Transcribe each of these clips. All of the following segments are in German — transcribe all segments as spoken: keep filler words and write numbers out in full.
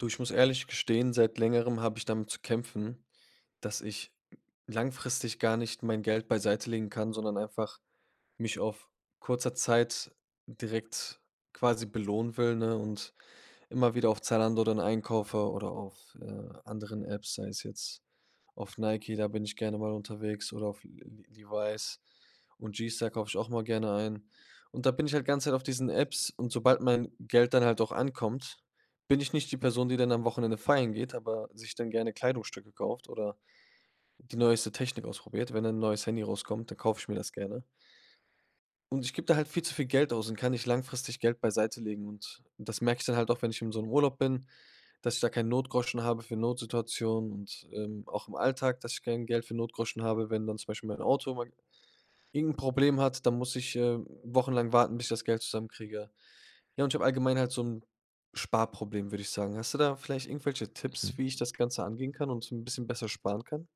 Du, ich muss ehrlich gestehen, seit Längerem habe ich damit zu kämpfen, dass ich langfristig gar nicht mein Geld beiseitelegen kann, sondern einfach mich auf kurzer Zeit direkt quasi belohnen will, ne, und immer wieder auf Zalando dann einkaufe oder auf, äh, anderen Apps, sei es jetzt auf Nike, da bin ich gerne mal unterwegs oder auf L-L-Levi's und G-Star kaufe ich auch immer gerne ein. Und da bin ich halt die ganze Zeit auf diesen Apps und sobald mein Geld dann halt auch ankommt, bin ich nicht die Person, die dann am Wochenende feiern geht, aber sich dann gerne Kleidungsstücke kauft oder die neueste Technik ausprobiert wenn ein neues Handy rauskommt, dann kaufe ich mir das gerne. Und ich gib da halt viel zu viel Geld aus und kann nicht langfristig Geld beiseitelegen und das merke ich dann halt auch, wenn ich in so 'nem Urlaub bin, dass ich da keinen Notgroschen habe für Notsituationen und, ähm, auch im Alltag, dass ich kein Geld für Notgroschen habe. Wenn dann zum Beispiel mein Auto mal irgend 'n Problem hat, dann muss ich, ähm, wochenlang warten, bis ich das Geld zusammenkriege. Ja, und ich habe allgemein halt so 'n Sparproblem, würde ich sagen. Hast du da vielleicht irgendwelche Tipps, Mhm. wie ich das Ganze angehen kann und 'n bisschen besser sparen kann?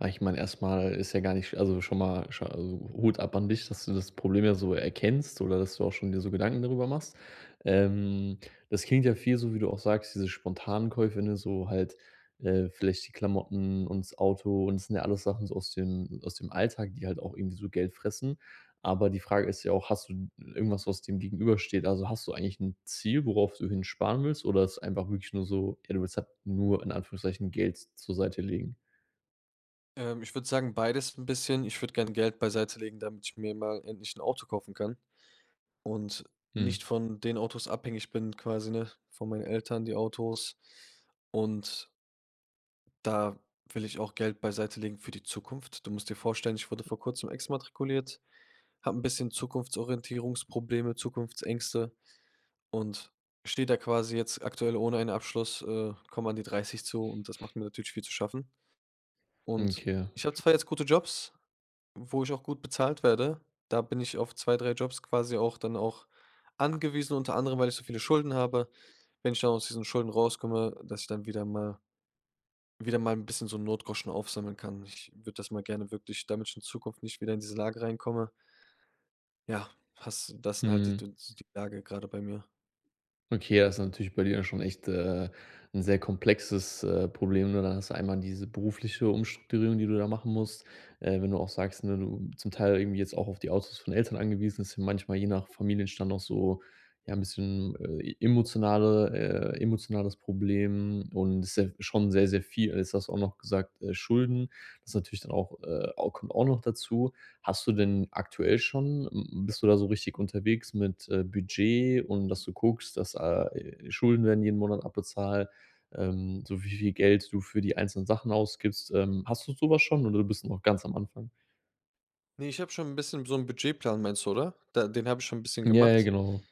Ah, ich meine, erst mal ist ja gar nicht sch also, schon mal, sch also, Hut ab an dich, dass du das Problem ja so erkennst oder dass du auch schon dir so Gedanken darüber machst. Ähm, das klingt ja viel so, wie du auch sagst: „Diese spontanen Käufe”, ne, so halt, äh, „vielleicht die Klamotten und das Auto und das sind ja alles Sachen so aus den aus dem Alltag, die halt auch irgendwie so Geld fressen.” Aber die Frage ist ja auch: „Hast du irgendwas, was dem Gegenüber steht?” Also, hast du eigentlich 'n Ziel, worauf du hin sparen willst, oder ist einfach wirklich nur so: „Ey, du willst halt nur in Anführungszeichen Geld z zur Seite legen?” Ähm, ich würde sagen, beides 'n bisschen. Ich würde gerne Geld beiseitelegen, damit ich mir mal endlich 'n Auto kaufen kann und Mhm. nicht von den Autos abhängig bin quasi, ne von meinen Eltern die Autos. Und da will ich auch Geld beiseitelegen für die Zukunft. Du musst dir vorstellen, ich wurde vor Kurzem exmatrikuliert, habe 'n bisschen Zukunftsorientierungsprobleme, Zukunftsängste und stehe da quasi jetzt aktuell ohne einen Abschluss, äh, komme an die dreißig zu und das macht mir natürlich viel zu schaffen. Hm, Und okay. ich habe F zwar jetzt gute Jobs, wo ich auch gut bezahlt werde. Da bin ich auf zwei, drei Jobs quasi auch dann auch angewiesen, unter anderem, weil ich so viele Schulden habe. Wenn ich dann aus diesen Schulden rauskomme, dass ich dann wieder mal wieder mal 'n bisschen so 'n Notgroschen aufsammeln kann. Ich würde das mal gerne wirklich damit in Zukunft nicht wieder in diese Lage reinkomme. Ja, hast das sind halt die Mhm. Düns die Lage grade bei mir. Okay, ja, ist natürlich bei dir ja schon echt, äh, 'n sehr komplexes, äh, Problem, ne? Dann hast du einmal diese berufliche Umstrukturierung, die du da machen musst, äh, wenn du auch sagst, ne, du zum Teil irgendwie jetzt auch auf die Autos von Eltern angewiesen ist, und manchmal, je nach Familienstand, auch so, ja, 'n bisschen, äh, e emotionale äh, emotionales Problem und ist, ja, schon sehr, sehr viel. Jetzt hast du auch noch gesagt: „Äh, Schulden“ ist natürlich dann auch äh, au kommt auch noch dazu. Hast du denn aktuell schon m m bist du da so richtig unterwegs mit, äh, Budget und dass du guckst, dass ah e Schulden werden jeden Monat abbezahlt, ähm, so wie viel Geld du für die einzelnen Sachen ausgibst, ähm. Hast du so was schon oder bist du noch ganz am Anfang? Ne, ich habe schon 'n bisschen so 'n Budgetplan, meinst du, oder? Da den habe ich schon 'n bisschen Ja, ja, gemacht. genau.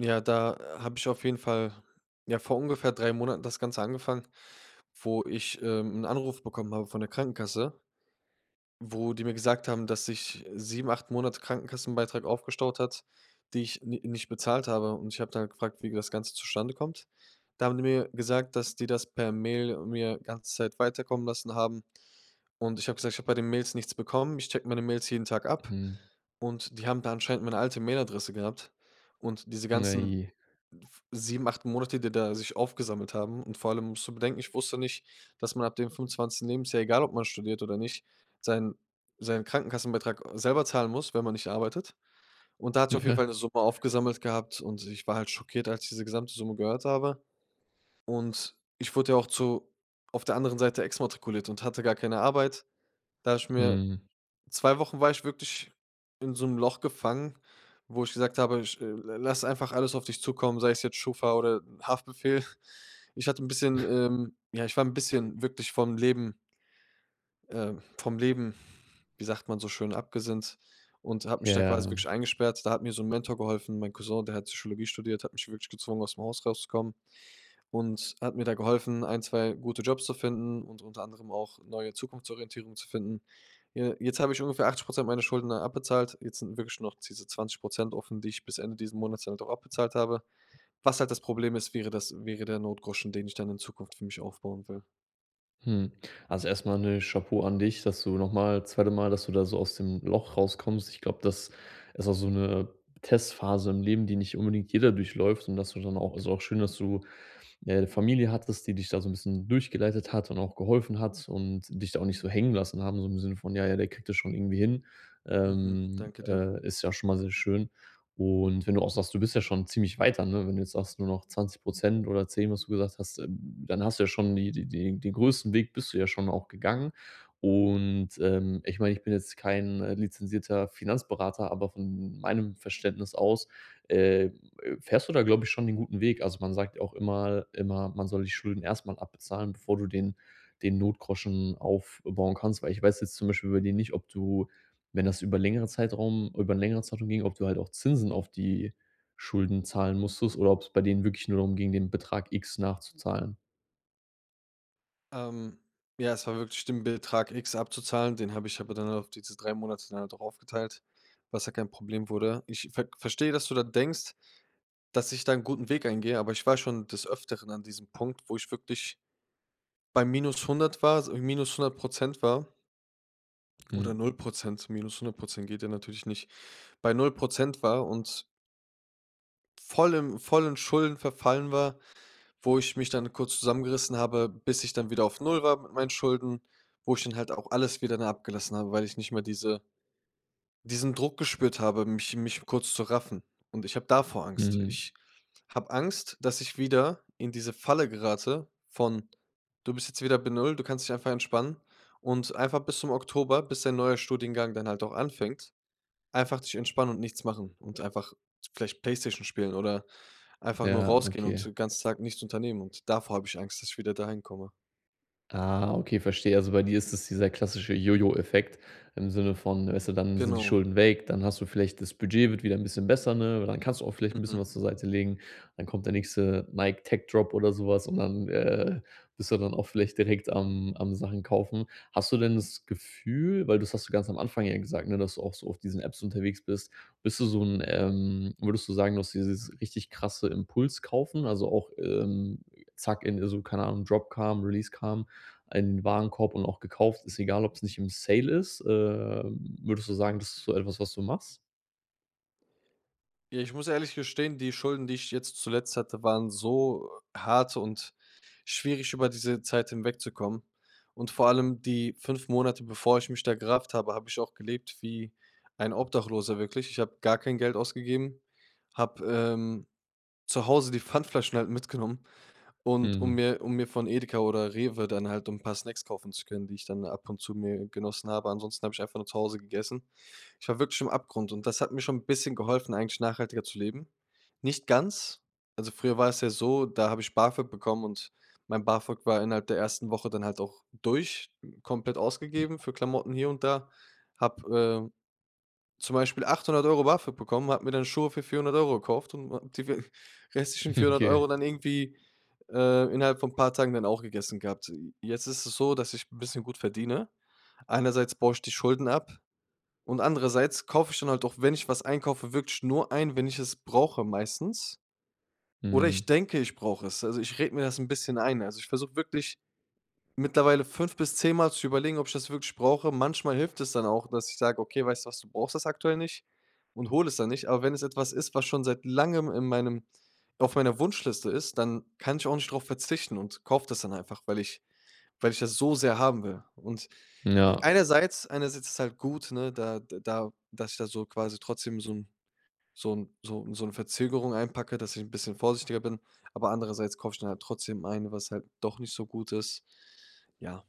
Ja, da habe ich auf jeden Fall ja, vor ungefähr drei Monaten das Ganze angefangen, wo ich, ähm, 'n Anruf bekommen habe von der Krankenkasse, wo die mir gesagt haben, dass sich, äh, sieben, acht Monate Krankenkassenbeitrag aufgestaut hat, die ich n nicht bezahlt habe, und ich habe dann gefragt, wie das Ganze zustande kommt. Da haben die mir gesagt, dass die das per Mail mir ganze Zeit weiterkommen lassen haben, und ich habe gesagt: „Ich habe bei den Mails nichts bekommen.“ Ich checke meine Mails jeden Tag ab Mhm. und die haben da anscheinend meine alte Mailadresse gehabt. Und diese Hm, ganzen ey, je. f sieben, acht Monate, die da sich aufgesammelt haben, und vor allem musst du bedenken, ich wusste nicht, dass man ab dem fünfundzwanzigsten Lebensjahr, egal ob man studiert oder nicht, seinen seinen Krankenkassenbetrag selber zahlen muss, wenn man nicht arbeitet. Und da hat sich Hm, auf jeden ja. Fall 'ne Summe aufgesammelt gehabt und ich war halt schockiert, als ich diese gesamte Summe gehört habe, und ich wurde ja auch zu auf der anderen Seite exmatrikuliert und hatte gar keine Arbeit, da ich mir Mhm. zwei Wochen war ich wirklich in so 'nem Loch gefangen, wo ich gesagt habe: „Ich l lass einfach alles auf dich zukommen, sei es jetzt Schufa oder Haftbefehl.” Ich hatte 'n bisschen ähm, ja, ich war 'n bisschen wirklich vom Leben äh, vom Leben, wie sagt man so schön, abgesinnt und habe mich da quasi Ja. wirklich eingesperrt. Da hat mir so 'n Mentor geholfen, mein Cousin, der hat Psychologie studiert, hat mich wirklich gezwungen, ausm Haus rauszukommen und hat mir da geholfen, ein, zwei gute Jobs zu finden und unter anderem auch neue Zukunftsorientierung zu finden. Je jetzt habe ich ungefähr achtzig Prozent meiner Schulden da abbezahlt, jetzt sind wirklich noch diese zwanzig Prozent offen, die ich bis Ende diesen Monats dann auch abbezahlt habe. Was halt das Problem ist, wäre das wäre der Notgroschen, den ich dann in Zukunft für mich aufbauen will. Mhm. Also, erst mal 'ne Chapeau an dich, dass du noch mal zweite Mal, dass du da so aus dem Loch rauskommst. Ich glaube, das ist auch so 'ne Testphase im Leben, die nicht unbedingt jeder durchläuft, und dass du dann auch also, auch schön, dass du 'ne Familie hattest, die dich da so 'n bisschen durchgeleitet hat und auch geholfen hat und dich da auch nicht so hängen lassen haben, so im Sinne von: „Ja, ja, der kriegt das schon irgendwie hin.“ Mhm. Ähm, Danke dir. äh, ist ja schon mal sehr schön und wenn du auch sagst: „Du bist ja schon ziemlich weiter”, ne, wenn du jetzt sagst: „Nur noch zwanzig Prozent oder zehn”, was du gesagt hast, dann hast du ja schon die die die den größten Weg bist du ja schon auch gegangen. Und, ähm, ich meine, ich bin jetzt kein, äh, lizenzierter Finanzberater, aber von meinem Verständnis aus, äh, äh, fährst du da, glaube ich, schon den guten Weg. Also, man sagt ja auch immer immer: „Man soll die Schulden erst mal abbezahlen, bevor du den den Notgroschen aufbauen kannst”, weil ich weiß jetzt zum Beispiel bei dir nicht, ob du wenn das über längere Zeitraum über 'n längere Zeitraum ging, ob du halt auch Zinsen auf die Schulden zahlen musstest oder ob's bei denen wirklich nur darum ging, den Betrag X nachzuzahlen. Ähm. Ja, es war wirklich den Betrag X abzuzahlen, den habe ich aber dann auf diese drei Monate dann halt auch aufgeteilt, was ja kein Problem wurde. Ich ver verstehe, dass du da denkst, dass ich da 'n guten Weg eingehe, aber ich war schon des Öfteren an diesem Punkt, wo ich wirklich bei minus hundert war, also, minus hundert Prozent war Mhm. oder null Prozent, minus hundert Prozent geht ja natürlich nicht. Bei null Prozent war und vollen vollen Schulden verfallen war, wo ich mich dann kurz zusammengerissen habe, bis ich dann wieder auf null war mit meinen Schulden, wo ich dann halt auch alles wieder, ne, abgelassen habe, weil ich nicht mehr diese diesen Druck gespürt habe, mich mich kurz zu raffen. Und ich habe davor Angst. Mhm. Ich habe Angst, dass ich wieder in diese Falle gerate von: „Du bist jetzt wieder bei null du kannst dich einfach entspannen. Und einfach bis zum Oktober, bis dein neuer Studiengang dann halt auch anfängt, einfach dich entspannen und nichts machen und einfach vielleicht Playstation spielen oder einfach nur Ja, rausgehen und okay. den ganzen Tag nichts unternehmen.“ Und davor habe ich Angst, dass ich wieder dahin komme. Ah, okay, verstehe. Also, bei dir ist das dieser klassische Jo-Jo-Effekt im Sinne von weißt du, dann sind die Genau. Schulden weg, dann hast du vielleicht das Budget wird wieder 'n bisschen besser, ne? Dann kannst du auch vielleicht 'n bisschen Mhm. was zur Seite legen. Dann kommt der nächste „Nike Tech-Drop“ oder sowas und dann, äh, bist du dann auch vielleicht direkt am am Sachen kaufen. Hast du denn das Gefühl weil das hast du ganz am Anfang ja gesagt, ne? Dass du auch so auf diesen Apps unterwegs bist, bist du so 'n, ähm würdest du sagen, du hast dieses richtig krasse Impulskaufen? Also, auch, ähm, zack in äh, so, keine Ahnung, Dropcam, Releasecam, einen Warenkorb und auch gekauft. Ist egal, ob's nicht im Sale ist. Ähm, würdest du sagen, das ist so etwas, was du machst? Ja, ich muss ehrlich gestehen, die Schulden, die ich jetzt zuletzt hatte, waren so hart und schwierig, über diese Zeit hinwegzukommen. Und vor allem die fünf Monate, bevor ich mich da gerafft habe, habe ich auch gelebt wie ein Obdachloser wirklich. Ich habe gar kein Geld ausgegeben. Habe, ähm, zu Hause die Pfandflaschen halt mitgenommen und um Mhm. mir um mir von Edeka oder Rewe dann halt so 'n paar Snacks kaufen zu können, die ich dann ab und zu mir genossen habe. Ansonsten habe ich einfach nur zu Hause gegessen. Ich war wirklich am Abgrund. Und das hat mir schon 'n bisschen geholfen, eigentlich nachhaltiger zu leben. Nicht ganz. Also, früher war es ja so, da habe ich BAföG bekommen und mein BAföG war innerhalb der ersten Woche dann halt auch durch, komplett ausgegeben für Klamotten hier und da. Habe, äh, zum Beispiel achthundert Euro BAföG bekommen, habe mir dann Schuhe für vierhundert Euro gekauft und a die w restlichen vierhundert Okay. Euro dann irgendwie, äh, innerhalb von paar Tagen dann auch gegessen gehabt. J jetzt ist es so, dass ich 'n bisschen gut verdiene. Einerseits baue ich die Schulden ab und andererseits kaufe ich dann halt auch, wenn ich was einkaufe, wirklich nur ein, wenn ich es brauche, meistens. Oder Mhm. ich denke, ich brauche es. Also, ich rede mir das 'n bisschen ein. Also, ich versuche wirklich mittlerweile fünf bis zehn mal zu überlegen, ob ich das wirklich brauche. Manchmal hilft es dann auch, dass ich sage: „Okay, weißt du was? Du brauchst das aktuell nicht“ und hole es dann nicht. Aber wenn es etwas ist, was schon seit Langem in meinem auf meiner Wunschliste ist, dann kann ich auch nicht drauf verzichten und kaufe das dann einfach, weil ich weil ich das so sehr haben will. Und i Ja. einerseits einerseits ist halt gut, ne, da d da dass ich da so quasi trotzdem so 'n so 'n so so 'ne Verzögerung einpacke, dass ich 'n bisschen vorsichtiger bin. Aber andererseits kaufe ich dann halt trotzdem ein, was halt doch nicht so gut ist. Ja.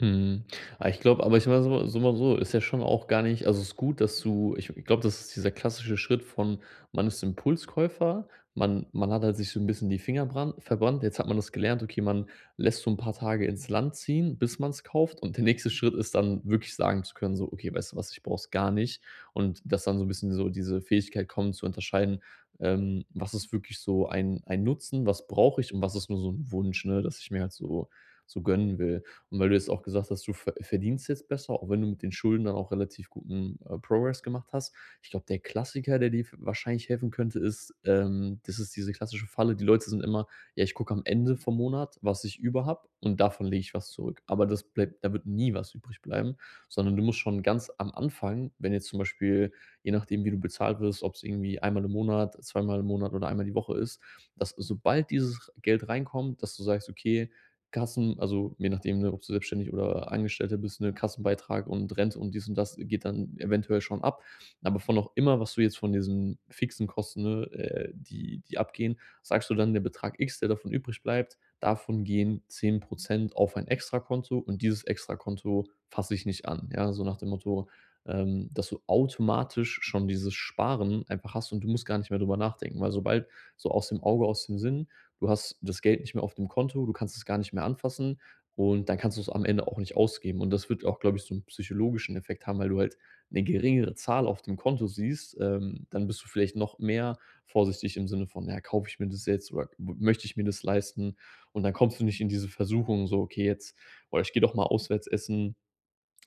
Mhm. Ah, ich glaube, aber ich war so so mal so, ist ja schon auch gar nicht also, es ist gut, dass du ich glaube, das ist dieser klassische Schritt von, man ist Impulskäufer. Man man hat halt sich so 'n bisschen die Finger brand verbrannt. Jetzt hat man das gelernt, okay, man lässt so 'n paar Tage ins Land ziehen, bis man's kauft. Und der nächste Schritt ist dann wirklich sagen zu können so: „Okay, weißt du was? Ich brauch es gar nicht.“ Und dass dann so 'n bisschen so diese Fähigkeit kommen zu unterscheiden: „Ähm, was ist wirklich so ein ein Nutzen? Was brauche ich und was ist nur so 'n Wunsch, ne, dass ich mir halt so so gönnen will?“ Und weil du jetzt auch gesagt hast, du ver verdienst jetzt besser, auch wenn du mit den Schulden dann auch relativ guten, äh, Progress gemacht hast. Ich glaube, der Klassiker, der dir f wahrscheinlich helfen könnte, ist, ähm, das ist diese klassische Falle, die Leute sind immer: „Ja, ich gucke am Ende vom Monat, was ich über habe und davon lege ich was zurück.“ Aber das bleibt da wird nie was übrig bleiben, sondern du musst schon ganz am Anfang, wenn jetzt zum Beispiel, je nachdem, wie du bezahlt wirst, ob's irgendwie einmal im Monat, zweimal im Monat oder einmal die Woche ist, dass sobald dieses Geld reinkommt, dass du sagst: „Okay, Kassen“ Also, je nachdem, ne, ob du selbstständig oder Angestellter bist, ne? Kassenbeitrag und Rente und dies und das geht dann eventuell schon ab. Aber von auch immer, was du jetzt von diesen fixen Kosten, ne, äh, die die abgehen, sagst du dann: „Der Betrag X, der davon übrig bleibt, davon gehen zehn Prozent auf ein Extrakonto und dieses Extrakonto fasse ich nicht an“, ja? So nach dem Motto, ähm, dass du automatisch schon dieses Sparen einfach hast und du musst gar nicht mehr drüber nachdenken. Weil sobald so, aus dem Auge, aus dem Sinn, du hast das Geld nicht mehr auf dem Konto, du kannst es gar nicht mehr anfassen und dann kannst du es am Ende auch nicht ausgeben. Und das wird auch, glaube ich, so 'n psychologischen Effekt haben, weil du halt 'ne geringere Zahl auf dem Konto siehst, ähm, dann bist du vielleicht noch mehr vorsichtig im Sinne von: „Ja, kaufe ich mir das jetzt oder m möchte ich mir das leisten?“ Und dann kommst du nicht in diese Versuchung, so: „Okay, jetzt, boah, ich gehe doch mal auswärts essen.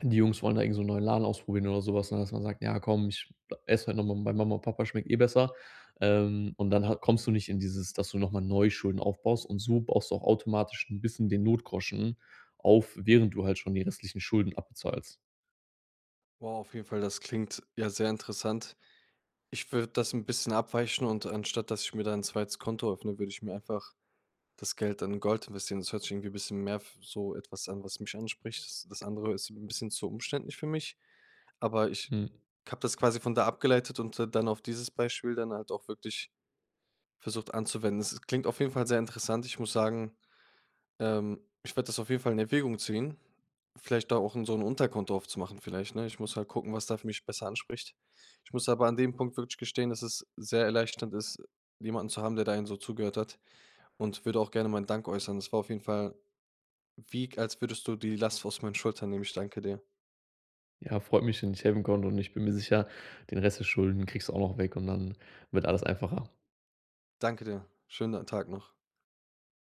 Die Jungs wollen da irgend so 'n neuen Laden ausprobieren oder so was“, ne? Dass man sagt: „Ja komm, ich esse heute noch mal bei Mama und Papa schmeckt eh besser.“ Ähm, und dann ha kommst du nicht in dieses, dass du noch mal neu Schulden aufbaust. Und so baust du auch automatisch 'n bisschen den Notgroschen auf, während du halt schon die restlichen Schulden abbezahlst. Wow, auf jeden Fall, das klingt ja sehr interessant. Ich würde das 'n bisschen abweichen und anstatt, dass ich mir da 'n zweites Konto öffne, würde ich mir einfach das Geld in Gold investieren. Das hört sich irgendwie bisschen mehr f so etwas an, was mich anspricht. S das andere ist 'n bisschen zu umständlich für mich, aber ich Mhm. habe das quasi von da abgeleitet und d dann auf dieses Beispiel dann halt auch wirklich versucht anzuwenden. Es es klingt auf jeden Fall sehr interessant. Ich muss sagen, ähm, ich werde das auf jeden Fall in Erwägung ziehen, vielleicht da auch in so 'n Unterkonto aufzumachen vielleicht, ne? Ich muss halt gucken, was da für mich besser anspricht. Ich muss aber an dem Punkt wirklich gestehen, dass es sehr erleichternd ist, jemanden zu haben, der da einen so zugehört hat und würde auch gerne meinen Dank äußern. Es war auf jeden Fall wie k als würdest du die Last aus meinen Schultern nehmen. Ich danke dir. Ja, freut mich, wenn ich helfen konnte und ich bin mir sicher, den Rest der Schulden kriegst du auch noch weg und dann wird alles einfacher. Danke dir. Schönen Tag noch.